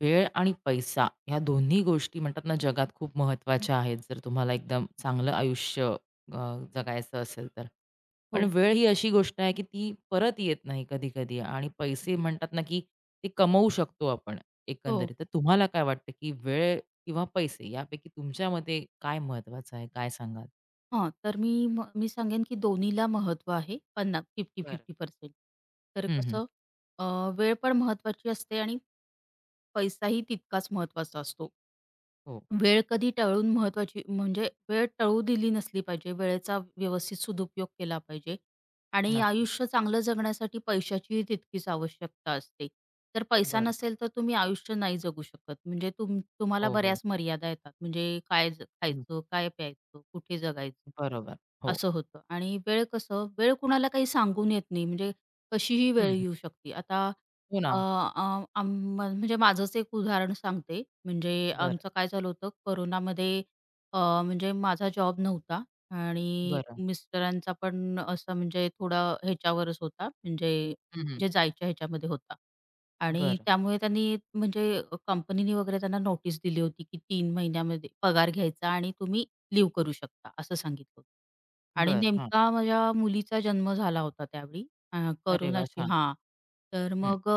वेळ आणि पैसा ह्या दोन्ही गोष्टी म्हणतात ना, जगात खूप महत्त्वाच्या आहेत. जर तुम्हाला एकदम चांगलं आयुष्य अ, जगायचं असेल तर. पण हो. वेळ ही अशी गोष्ट आहे, की ती परत येत नाही कधी-कधी आणि पैसे म्हणतात ना की ते कमवू शकतो आपण हो. एकंदरीत, तर तुम्हाला काय वाटतं की वेळ किंवा पैसे यापैकी तुमच्या मते काय महत्वाचं आहे? काय सांगाल? हां, तर मी म मी सांगेन की दोन्हीला महत्व आहे, पन्ना फिफ्टी बरं. फिफ्टी पर्सेंट तर हं, हं कसं? अ, वेळ पण महत्वाची असते आणि पैसाही तितकाच महत्वाचा असतो. हो. वेळ कधी टळून महत्त्वाची म्हणजे वेळ टळू दिली नसली पाहिजे. वेळेचा व्यवस्थित सदुपयोग केला पाहिजे आणि नक्कीच. आयुष्य चांगलं जगण्यासाठी पैशाचीही तितकीच आवश्यकता असते. तर पैसा बरं. नसेल तर तुम्ही आयुष्य नाही जगू शकत. म्हणजे तुम तुम्हाला हो, हो. बऱ्याच मर्यादा येतात, म्हणजे काय हं. खायचं? काय प्यायचं? कुठे जगायचं? हं, बरोबर, हो. असं होतं आणि वेळ कसं? वेळ कुणाला काही सांगून येत नाही, म्हणजे कशीही हं, वेळ हं. येऊ शकते. आता हो अ, ना. अ, आम म म्हणजे माझंच एक उदाहरण सांगते. म्हणजे बरं. आमचं काय झालं होतं? कोरोनामध्ये अ, म्हणजे माझा जॉब नव्हता आणि बरं. मिस्टरांचा पण असं म्हणजे थोडा ह्याच्यावरच होता म्हणजे हं, हं. जे जायच्या ह्याच्यामध्ये होता. आणि बरं. त्यामुळे त्यांनी म्हणजे कंपनीने वगैरे त्यांना नोटीस दिली होती की, "3 महिन्यामध्ये पगार घ्यायचा आणि तुम्ही लिव्ह करू शकता." असं सांगितलं होतं. आणि बरं, हां. नेमका माझ्या मुलीचा जन्म झाला होता त्यावेळी. आ अरे, वाह! कोरोनाची छान. हां, तर हं. मग अ,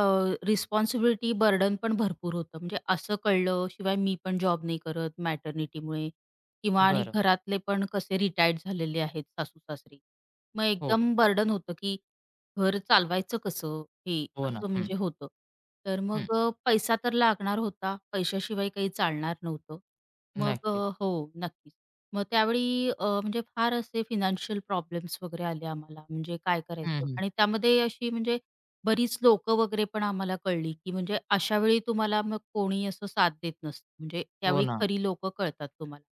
अ, रिस्पॉन्सिबिलिटी, बर्डन पण भरपूर होतं, म्हणजे असं कळलं. शिवाय मी पण जॉब नाही करत मॅटर्निटीमुळे किंवा आणि बरं. घरातले पण कसे रिटायर्ड झालेले आहेत सासू-सासरे. मग हो, हो. एकदम बर्डन होतं की घर चालवायचं कसं? हे हो ना, असं हं. म्हणजे होतं तर हं. मग अ, पैसा तर लागणार होता, पैशाशिवाय काही चालणार नव्हतं. मग नक्कीच. अ, हो, नक्की. मग त्यावेळी अ, म्हणजे फार असे फायनान्शियल प्रॉब्लेम्स वगैरे आले आम्हाला. म्हणजे काय हं, करायचं? हं. आणि त्यामध्ये अशी म्हणजे बरीच लोक वगैरे पण आम्हाला कळली की म्हणजे अशावेळी तुम्हाला मग कोणी असं साथ देत नसतं. म्हणजे हो त्यावेळी ना. खरी लोक कळतात तुम्हाला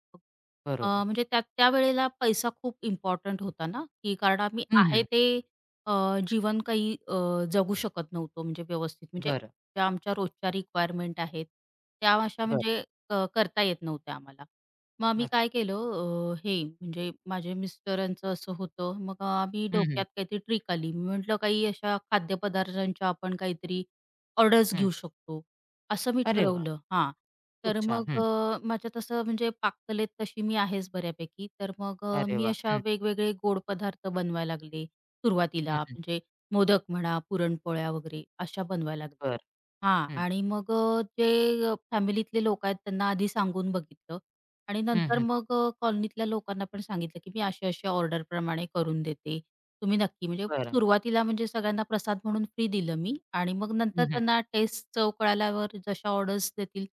अ, बरोबर. म्हणजे त्या त्यावेळेला पैसा खूप इम्पॉर्टंट होता ना, की कारण आम्ही हं, आहे हं. ते अ, जीवन काही अ, जगू शकत नव्हतो म्हणजे व्यवस्थित म्हणजे बरं. ज्या आमच्या रोजच्या रिक्वायरमेंट आहेत, त्या अशा बरं. म्हणजे क करता येत नव्हत्या आम्हाला. मग आम्ही नक्क काय केलं अ, हे म्हणजे माझे मिस्टरांचं असं होतं. मग अ, आम्ही हं, डोक्यात त्यात हं. काहीतरी ट्रिक आली मी म्हटलं, "काही अशा खाद्यपदार्थांच्या आपण काहीतरी ऑर्डर्स हं. घेऊ शकतो." असं मी अरे वाह! ठरवलं. हां, खूप तर छान! मग हं. अ, माझ्या तसं म्हणजे पाककलेत तशी मी आहेच बऱ्यापैकी. तर मग अ, अरे, मी वाह! अशा हं. वेगवेगळे गोड पदार्थ बनवायला लागले, हं, सुरुवातीला. हं. म्हणजे मोदक म्हणा, पुरणपोळ्या वगैरे अशा बनवायला लागल्या. बरं. हां हं. आणि मग अ, जे फॅमिलीतले लोक आहेत त्यांना आधी सांगून बघितलं आणि हं, नंतर हं. मग अ, कॉलनीतल्या लोकांना पण सांगितलं की, "मी अशा-अशा ऑर्डर प्रमाणे करून देते, तुम्ही नक्की" म्हणजे बरं. सुरुवातीला म्हणजे सगळ्यांना प्रसाद म्हणून फ्री दिलं मी आणि मग नंतर हं, हं. त्यांना टेस्ट चव कळाल्यावर जशा ऑर्डर्स देतील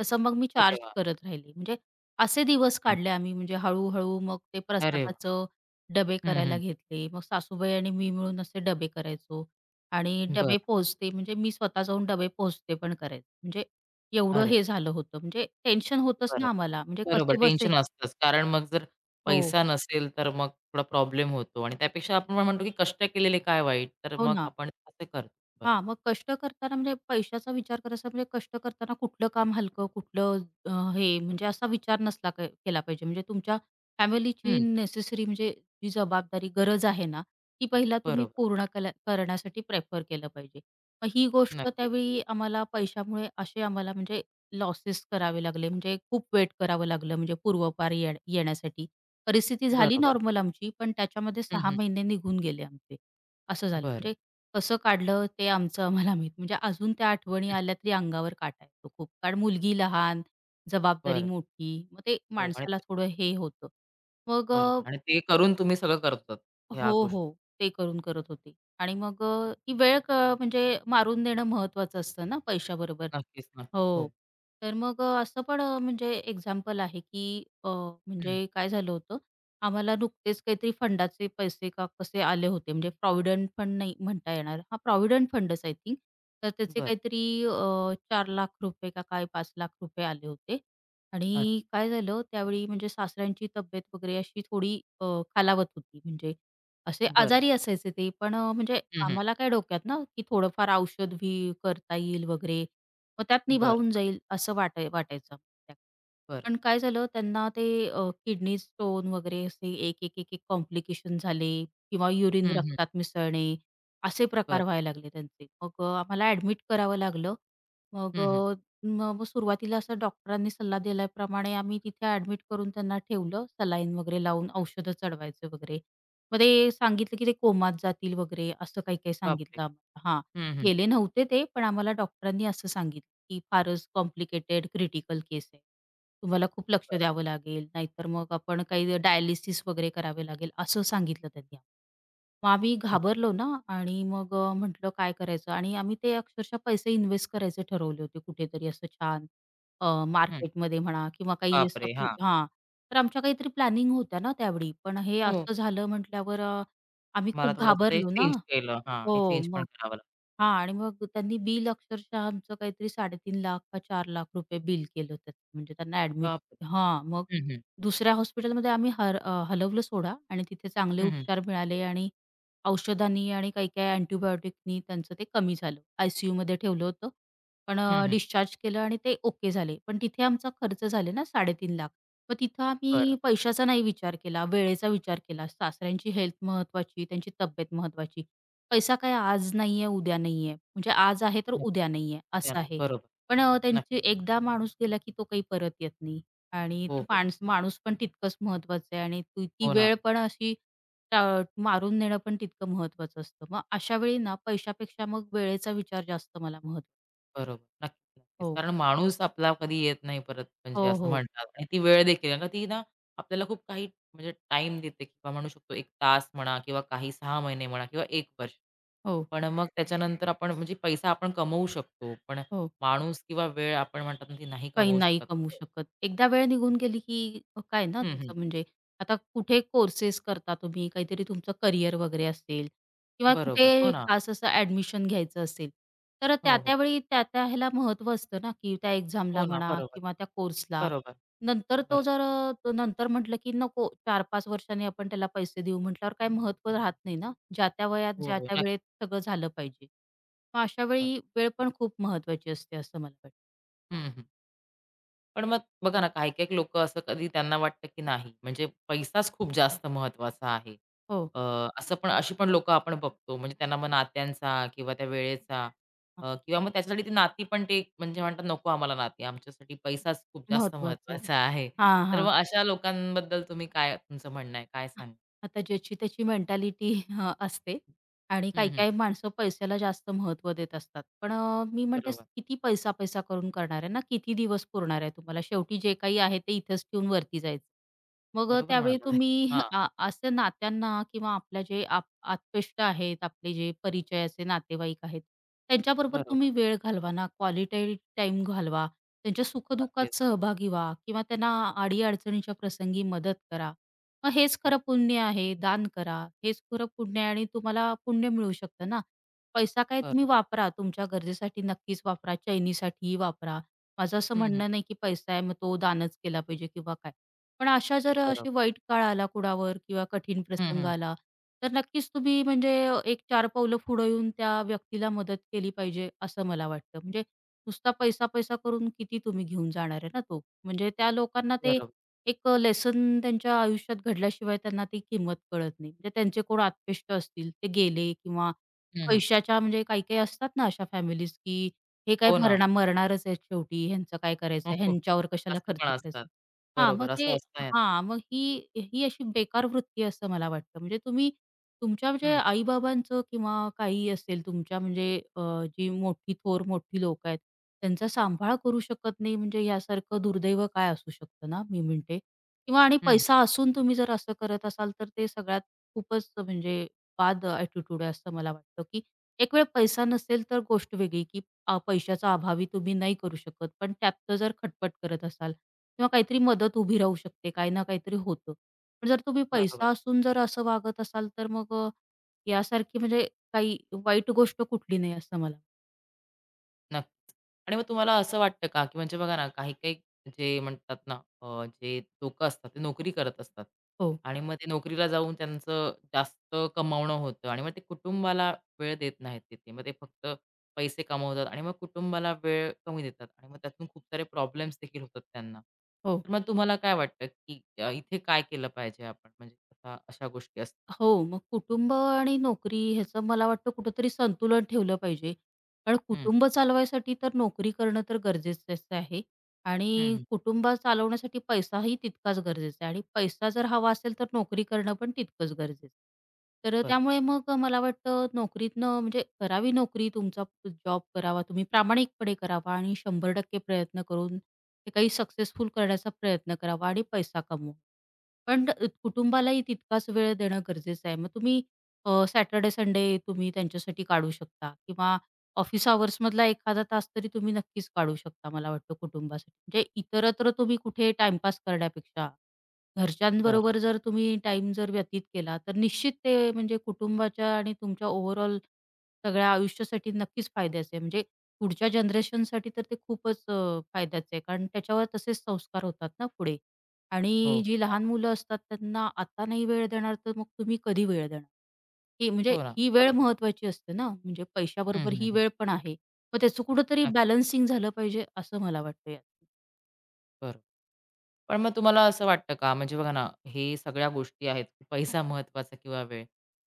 तसं मग मी अरे चार्ज वाह! करत राहिले. म्हणजे असे दिवस हं. काढले आम्ही म्हणजे हळू-हळू मग ते अरे वाह! प्रसादाचं डबे हं, करायला हं. घेतले. मग सासूबाई आणि मी मिळून असे डबे करायचो आणि डबे बरं. पोहोचते म्हणजे मी स्वतः जाऊन डबे पोहोचते पण करायचे म्हणजे एवढं अरे! हे झालं होतं म्हणजे टेन्शन होतंच बरं. ना, आम्हाला म्हणजे बरोबर कसेबसे टेन्शन असतचं. कारण मग जर हो. पैसा नसेल, तर मग थोडा प्रॉब्लेम होतो. आणि त्यापेक्षा आपण काय म्हणतो की, "कष्ट केलेले काय वाईट?" तर हो मग ना. आपण असं करतो. बरोबर. हां, मग कष्ट करताना म्हणजे पैशाचा विचार करायचा म्हणजे कष्ट करताना कुठलं काम हलकं, कुठलं हं, हे म्हणजे असा विचार नसला केला पाहिजे म्हणजे तुमच्या फॅमिलीची हं. नेसेसरी म्हणजे जी जबाबदारी गरज आहे ना, ती पहिला तुम्ही बरोबर. पूर्ण केल्या करण्यासाठी प्रिफर केलं पाहिजे. मग ही गोष्ट नक्कीच. त्यावेळी आम्हाला पैशामुळे असे आम्हाला म्हणजे लॉसेस करावे लागले म्हणजे खूप वेट करावं लागलं म्हणजे पूर्वपार ये येण्यासाठी परिस्थिती झाली बरोबर. नॉर्मल आमची. पण त्याच्यामध्ये हं, 6 हं. महिने निघून गेले आमचे, असं झालं. बरं. म्हणजे कसं काढलं ते आमचं आम्हाला माहित. म्हणजे अजून त्या आठवणी हं. आल्या तरी अंगावर काटा येतो खूप. कारण मुलगी लहान, जबाबदारी बरं. मोठी. मग ते हो आणि माणसाला ते थोडं हे होतं मग अ बरोबर आणि ते करून तुम्ही सगळं करतात ह्या हो, गोष्टी. हो. ते करून करत होते आणि मग अ, ती वेळ क म्हणजे मारून नेणं महत्त्वाचं असतं ना, पैशाबरोबर. नक्कीच, नक्कीच. हो, हो. तर मग अ, असं पण अ, म्हणजे एक्झाम्पल आहे की अ, हं. म्हणजे काय झालं होतं? आम्हाला नुकतेच काहीतरी फंडाचे पैसे का, कसे आले होते. म्हणजे प्रॉव्हिडंट फंड नाही म्हणता येणार. हां, प्रॉव्हिडंट फंडच आय थिंक. तर त्याचे बरं. काहीतरी अ, ₹4,00,000 का काय ₹5,00,000 आले होते अच्छा. आणि काय झालं? त्यावेळी म्हणजे सासऱ्यांची तब्येत वगैरे अशी थोडी अ, खालावत होती म्हणजे असे बरं. आजारी असायचे ते. पण अ, म्हणजे हं, हं. आम्हाला काय डोक्यात ना की थोडंफार औषध घेईल करता येईल वगैरे. मग त्यात बरं. निभावून जाईल असं वाटा वाटायचं. [unintelligible] बरं. पण काय झालं? त्यांना ते अ, किडनी स्टोन वगैरे असे एक, एक, एक, एक कॉम्प्लिकेशन झाले किंवा युरिन हं, हं. रक्तात मिसळणे असे प्रकार बरं. व्हायला लागले त्यांचे. मग अ, आम्हाला ॲडमिट करावं लागलं. मग हं, हं अ, म म सुरुवातीला असं डॉक्टरांनी सल्ला दिल्याप्रमाणे आम्ही तिथे ॲडमिट करून त्यांना ठेवलं सलाईन वगैरे लावून औषधं चढवायचं वगैरे. मग ते सांगितलं की, "ते कोमात जातील वगैरे." असं काही-काही बापरे! सांगितलं आम्हाला. हां, हं, हं. गेले नव्हते ते पण आम्हाला डॉक्टरांनी असं सांगितलं की, "फारच कॉम्प्लिकेटेड क्रिटिकल केस आहे. तुम्हाला खूप लक्ष बरं. द्यावं लागेल, नाहीतर मग आपण काही डायलिसिस वगैरे करावे लागेल." असं सांगितलं त्यांनी. मग आम्ही अच् घाबरलो ना आणि मग अ, म्हटलं काय करायचं? आणि आम्ही ते अक्षरशः पैसे इन्वेस्ट करायचे ठरवले होते कुठेतरी असं छान अ, हं. मार्केटमध्ये म्हणा किंवा काही बाप रे! असं हां. हां, तर आमच्या काहीतरी प्लॅनिंग होत्या ना त्यावेळी. पण हे हो. असं झालं म्हटल्यावर अ, आम्ही तुम्हाला खूप थोडंसं ते घाबरलो ना. चेंज केलं हां, ते हो, चेंज मग पण करावं लागतं. हां, आणि मग त्यांनी बिल अक्षरशः आमचं काहीतरी 3,50,000 का ₹4,00,000 बिल केलं होतं म्हणजे त्यांना ॲडमिट बाप रे! हां, मग हं, हं. दुसऱ्या हॉस्पिटलमध्ये आम्ही हर हलवलं सोडा आणि तिथे चांगले हं, हं. उपचार मिळाले आणि औषधांनी आणि काही-काही अँटिबायोटिकनी त्यांचं ते कमी झालं, आय-सी-यूमध्ये ठेवलं होतं. पण हं, अ, हं. डिस्चार्ज केलं आणि ते ओके झाले. पण तिथे आमचा खर्च झाले ना, 3,50,000 मग तिथं आम्ही बरं. पैशाचा नाही विचार केला, वेळेचा विचार केला. सासऱ्यांची हेल्थ महत्त्वाची, त्यांची तब्येत महत्त्वाची. पैसा काय आज नाही आहे, उद्या नाही आहे म्हणजे आज आहे तर उद्या नक्कीच, नाही आहे ते असं नाही, आहे. बरोबर, पण अ, त्यांची नक्कीच. एकदा माणूस गेला की तो काही परत येत नाही आणि हो, ते हो. माणस माणूस पण तितकंच महत्त्वाचं आहे आणि त ती हो ना. वेळ पण अशी ट मारून नेणं पण तितकं महत्त्वाचं असतं. मग अशावेळी ना, पैशापेक्षा मग वेळेचा विचार जास्त मला महत्त्व बरोबर, नक्कीच. हो. कारण माणूस आपला कधी येत नाही परत म्हणजे हो, असं हो. म्हणतात. आणि ती वेळ देखील आहे आणि ती ना, आपल्याला खूप काही म्हणजे टाईम देते किंवा म्हणू शकतो 1 तास म्हणा किंवा काही 6 महिने म्हणा किंवा 1 वर्ष. हो. पण मग त्याच्यानंतर आपण म्हणजे पैसा आपण कमवू शकतो. पण हो. माणूस किंवा वेळ आपण म्हणतात ना, ती नाही काही कमवू नाही शकत. कमवू शकत एकदा वेळ निघून गेली, की काय ना, हं, हं. तसं म्हणजे आता कुठे कोर्सेस करता तुम्ही, काहीतरी तुमचं करियर वगैरे असेल किंवा बरोबर, हो कुठे ना. खास असं एडमिशन घ्यायचं असेल, तर हो, त्या-त्या हो. वेळी त्या-त्या ह्याला महत्त्व असतं ना, की त्या हो एक्झामला ना, म्हणा बरोबर. किंवा त्या कोर्सला बरोबर. नंतर तो बरोबर. जर अ, नंतर म्हटलं की नको 4-5 वर्षांनी आपण त्याला पैसे देऊ म्हटल्यावर काही महत्त्व राहत नाही ना, ज्या-त्या वयात, हो, हो. ज्या-त्या नक्की. वेळेत सगळं झालं पाहिजे मग हां. अशावेळी वेळ पण खूप महत्त्वाची असते असं मला वाटतं. हं, हं. पण मग बघा ना काही-काही लोकं असं कधी त्यांना वाटतं की नाही, म्हणजे पैसाच खूप जास्त महत्वाचा आहे. हो. अ, असं पण अशी पण लोकं आपण बघतो. म्हणजे त्यांना मग नात्यांचा किंवा त्यावेळेचा हां. अ, किंवा मग त्याच्यासाठी ती नाती पण ते म्हणजे म्हणतात नको आम्हाला नाती आमच्यासाठी पैसाच खूप जास्त महत्वाचं आहे. महत्त्वाचा आहे. हां, तर हां. मग अशा लोकांबद्दल तुम्ही काय तुमचं म्हणणं आहे? काय सांगाल? आता ज्याची त्याची मेंटॅलिटी असते आणि हं, हं. काही-काही माणसं पैशाला जास्त महत्व देत असतात. पण अ, मी म्हणते बरोबर. किती पैसा-पैसा करून करणार आहे ना, किती दिवस पुरणार आहे तुम्हाला शेवटी जे काही आहे ते, इथेच ठेऊन वरती जायचंय. मग बरोबर त्यावेळी म्हणाला, तुम्ही, हां. असं नात्यांना किंवा आपले जे आत्पेष्ट आहेत आपले जे परिचयाचे नातेवाईक आहेत त्यांच्याबरोबर बरोबर. तुम्ही वेळ घालवा ना, क्वालिटी टाईम घालवा, त्यांच्या नक्कीच. सुख-दुःखात सहभागी व्हा किंवा त्यांना अडी-अडचणीच्या प्रसंगी मदत करा. मग हेच हां. खरं पुण्य आहे, दान करा हेच खरं पुण्य आहे आणि तुम्हाला पुण्य मिळू शकतं ना, पैसा काय तुम्ही बरोबर. वापरा तुमच्या गरजेसाठी नक्कीच वापरा, चैनीसाठी वापरा माझं असं हं, हं, हं. म्हणणं नाही की पैसा आहे मग तो दानच केला पाहिजे किंवा काय. पण अशा जर बरोबर. अशी वाईट काळ आला कुणावर किंवा कठीण हं, प्रसंग हं. आला तर नक्कीच तुम्ही म्हणजे एक चार पावलं पुढे येऊन त्या व्यक्तीला मदत केली पाहिजे असं मला वाटतं, म्हणजे नुसता पैसा-पैसा करून किती तुम्ही घेऊन जाणार आहे तो. म्हणजे त्या लोकांना ते, बरोबर. एक लेसन त्यांच्या आयुष्यात घडल्याशिवाय त्यांना ती किंमत कळत नाही, म्हणजे त्यांचे कोण आत्पेष्ट असतील ते गेले किंवा हं, हं. पैशाच्या म्हणजे काही-काही असतात ना अशा फॅमिलीज, की हे काय हो मर ना. मरणारच आहेत शेवटी ह्यांचं काय करायचंय ह्यांच्यावर कशाला असं खर्च पण करायचा असतात, आहे, हां मग बरोबर ते असं असतं. हां मग ही, ही अशी बेकार वृत्ती आहे असं मला वाटतं, म्हणजे तुम्ही तुमच्या म्हणजे हं. आई-बाबांचं किंवा काहीही असेल तुमच्या म्हणजे अ, जी मोठी थोर मोठी लोकं आहेत त्यांचा सांभाळ करू शकत नाही म्हणजे यासारखं दुर्दैव काय असू शकतं ना मी म्हणते. किंवा आणि हं, हं. पैसा असून तुम्ही जर असं करत असाल तर ते सगळ्यात खूपच म्हणजे बाद ॲटिट्यूड आहे असं मला वाटतं, की एकवेळ पैसा नसेल तर गोष्ट वेगळी की पैशाचा अभावी तुम्ही नाही करू शकत पण त्यातनं जर खटपट करत असाल किंवा काहीतरी मदत उभी राहू शकते, काही ना काहीतरी होतं. पण जर तुम्ही बरोबर. पैसा असून जर असं वागत असाल तर मग यासारखी म्हणजे काही वाईट गोष्ट कुठली नाही असं मला नक्कीच आणि मग तुम्हाला असं वाटतं का की म्हणजे बघा ना, काही-काही जे म्हणतात ना अ, जे लोकं असतात ते नोकरी करत असतात. हो. आणि मग ते नोकरीला जाऊन त्यांचं जास्त कमावणं होतं. आणि मग ते कुटुंबाला वेळ देत नाहीत तिथे. मग ते फक्त पैसे कमवतात आणि मग कुटुंबाला वेळ कमी देतात. आणि मग त्यातून खूप सारे प्रॉब्लेम्स देखील होतात त्यांना. हो. तर मग तुम्हाला काय वाटतं, की इथे काय केलं पाहिजे आपण? म्हणजे अशा गोष्टी असतात. हो, मग कुटुंब आणि नोकरी ह्याचं मला वाटतं कुठेतरी संतुलन ठेवलं पाहिजे. कारण हं. कुटुंब चालवायसाठी तर नोकरी करणं तर गरजेचंच आहे हं, आणि हं. कुटुंब चालवण्यासाठी पैसाही तितकाच गरजेचा आहे आणि पैसा जर हवा असेल तर नोकरी करणं पण तितकंच गरजेचं आहे. तर बरं. त्यामुळे मग मला वाटतं नोकरीतनं म्हणजे करावी नोकरी, तुमचा जॉब करावा तुम्ही प्रामाणिकपणे करावा आणि 100% प्रयत्न करून हे काही सक्सेसफुल करण्याचा प्रयत्न करावा आणि पैसा कमवा. पण [unintelligible] कुटुंबालाही तितकाच वेळ देणं गरजेचं आहे, मग तुम्ही अ, सॅटरडे-संडे तुम्ही त्यांच्यासाठी काढू शकता किंवा ऑफिस अवर्समधला एखादा तास तरी तुम्ही नक्कीच काढू शकता मला वाटतं कुटुंबासाठी, म्हणजे इतरत्र तुम्ही कुठे टाईमपास करण्यापेक्षा. बरं. घरच्यांबरोबर जर तुम्ही टाईम जर व्यतीत केला, तर निश्चित ते म्हणजे कुटुंबाच्या आणि तुमच्या ओव्हरऑल सगळ्या आयुष्यासाठी नक्कीच फायद्याचं आहे, म्हणजे पुढच्या जनरेशनसाठी तर ते खूपच फायद्याचं आहे कारण त्याच्यावर तसेच संस्कार होतात ना पुढे. हो. आणि जी [unintelligible] लहान मुलं असतात त्यांना आता नाही वेळ देणार, तर मग तुम्ही कधी वेळ देणार? हे म्हणजे हो ना, ही वेळ बरोबर. महत्वाची असते ना, म्हणजे हं, पैशाबरोबर हं, ही हं. वेळ पण आहे. मग त्याचं कुठेतरी नक्क बॅलन्सिंग झालं पाहिजे असं मला वाटतंय. बरं. पण मग तुम्हाला असं वाटतं का? म्हणजे बघा ना, हे सगळ्या गोष्टी आहेत. पैसा महत्वाचा किंवा वेळ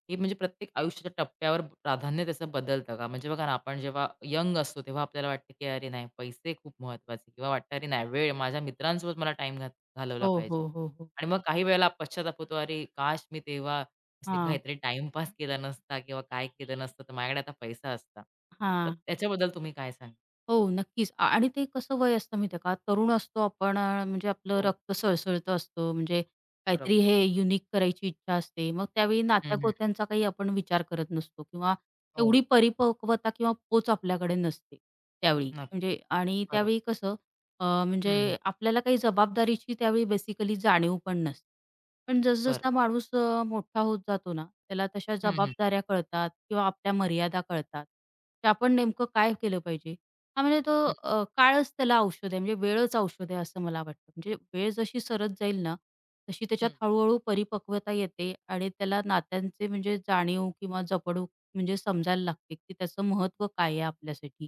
हे म्हणजे प्रत्येक आयुष्याच्या टप्प्यावर प्राधान्य त्याचं बदलतं का? म्हणजे बघा ना, आपण जेव्हा यंग असतो, तेव्हा आपल्याला वाटतं की अरे नाही पैसे खूप महत्त्वाचे किंवा वाटतं अरे नाही वेळ माझ्या मित्रांसोबत मला टाईम घात घालवला हो, पाहिजे. हो, हो, हो. आणि मग काही वेळेला पश्चाताप होतो. अरे काश, मी तेव्हा असे हां. काहीतरी टाईम पास केला नसता किंवा काय केलं नसतं तर माझ्याकडे आता पैसा असता. तर हां. त्याच्याबद्दल तुम्ही काय सांगाल? हो, नक्कीच अ, आणि ते कसं वय असतं माहिती आहे का तरुण असतो आपण, म्हणजे आपलं हो. रक्त सळसळतं असतं, म्हणजे बरोबर. काहीतरी हे युनिक करायची इच्छा असते. मग त्यावेळी हं, हं. नात्या-गोत्यांचा काही आपण विचार करत नसतो किंवा हो एवढी ना. परिपक्वता किंवा पोच आपल्याकडे नसते त्यावेळी. नक्की. म्हणजे आणि बरोबर. त्यावेळी कसं अ, हं, हं. म्हणजे आपल्याला काही जबाबदारीची त्यावेळी बेसिकली जाणीव पण नसते. पण बरं. जस-जसा माणूस अ, मोठा होत जातो ना, त्याला तशा हं, हं. जबाबदाऱ्या कळतात किंवा आपल्या मर्यादा कळतात. ते आपण नेमकं काय केलं पाहिजे? हां म्हणजे तो हं. अ, काळच त्याला औषध आहे, म्हणजे वेळच औषध आहे असं मला वाटतं. म्हणजे वेळ जशी सरत जाईल ना, तशी त्याच्यात हं. हळू-हळू परिपक्वता येते आणि त्याला नात्यांची म्हणजे जाणीव किंवा जपणूक म्हणजे समजायला लागते, की त्याचं महत्व काय आहे आपल्यासाठी.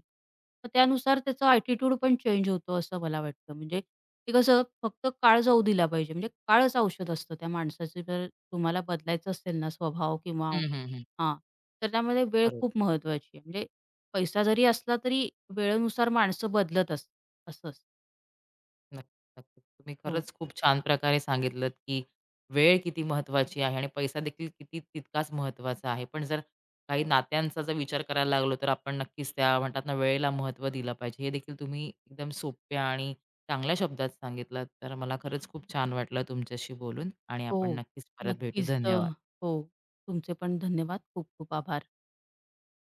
तर त्यानुसार त्याचा ॲटिट्यूडपण चेंज होतो असं मला वाटतं. म्हणजे की कसं फक्त काळ जाऊ दिला पाहिजे म्हणजे काळच औषध असतं त्या माणसाचं जर तुम्हाला बदलायचं असेल ना स्वभाव किंवा हं, हं, हं. हां, तर त्यामध्ये वेळ खरंय. खूप महत्त्वाची आहे, म्हणजे पैसा जरी असला तरी वेळेनुसार माणसं बदलत असतात असं असतं. नक्की, नक्की. तुम्ही हो. खरंच खूप छान प्रकारे सांगितलत की वेळ किती महत्वाची आहे आणि पैसादेखील किती तितकाच महत्त्वाचा आहे. पण जर काही नात्यांचा जर विचार करायला लागलो तर आपण नक्कीच त्या म्हणतात ना, वेळेला महत्त्व दिलं पाहिजे. हे देखील तुम्ही एकदम सोप्या आणि चांगल्या शब्दात सांगितलत. तर मला खरंच खूप छान वाटलं तुमच्याशी बोलून आणि आपण हो, नक्कीच परत भेटू. नक्कीच. तर धन्यवाद. हो तुमचे पण धन्यवाद खूप खूप आभार.